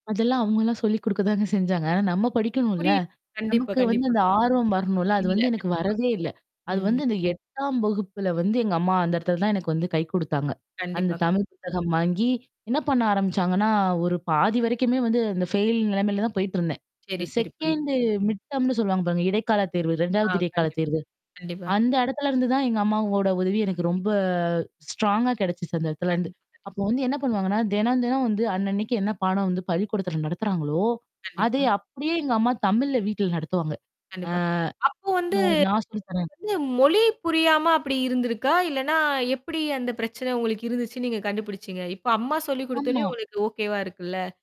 அதெல்லாம் அவங்கலாம் சொல்லிக குடுக்க தாங்க செஞ்சாங்க. நம்ம படிக்கணும்ல. புரி. கண்டிப்பா, நமக்கு வந்து கண்டிப்பா. அந்த ஆர்வம் வரணும்ல, அது இல்ல. வந்து எனக்கு கண்டிப்பா. வரவே இல்ல. அது வந்து ம். இந்த 8ஆம் வகுப்புல வந்து எங்கம்மா அந்த இடத்தல தான் எனக்கு வந்து கை குடுத்தாங்க. அந்த கண்டிப்பா, கண்டிப்பா. தமிழ் புத்தகம் வாங்கி, என்ன பண்ண ஆரம்பிச்சாங்கன்னா, ஒரு பாதி வரைக்குமே வந்து அந்த ஃபெயில் நெலமையில தான் போயிட்டுருந்தேன். சரி, இந்த சரி புரிது. 2ண்டு மிட்டம்னு சொல்லுவாங்க பாருங்க. இடைக்கால தேர்வு. ஆ, 2வது இடைக்கால கண்டிப்பா, தேர்வு. கண்டிப்பா. கண்டிப்பா. அந்த இடத்துலருந்து தான் எங்க அம்மாவோட உதவி எனக்கு ரொம்ப ஸ்ட்ராங்கா கெடைச்சுச்சு அந்த இடத்துலருந்து. கண்டிப்பா, கண்டிப் அப்போ வந்து என்ன பண்ணுவாங்கன்னா, தினம், தினம் வந்து அன்னன்னைக்கு என்ன பாடம் வந்து பள்ளிக்கூடத்தில நடத்துறாங்களோ? அதே கண்டிப்பா. அப்டியே எங்கம்மா தமிழ்ல வீட்ல நடத்துவாங்க. ஆ கண்டிப்பா. அப்போ வந்து நோ நான் சொல்லி தர்றேன். உங்களுக்கு வந்து மொழி புரியாம அப்டி இருந்திருக்கா? இல்லன்னா எப்டி அந்த பிரச்சனை உங்களுக்கு இருந்துச்சுன்னு நீங்க கண்டுபிடிச்சீங்க? இப்ப அம்மா சொல்லிக் குடுத்தோனயும் ஆமா. உங்களுக்கு ஓகேவா இருக்குல்ல?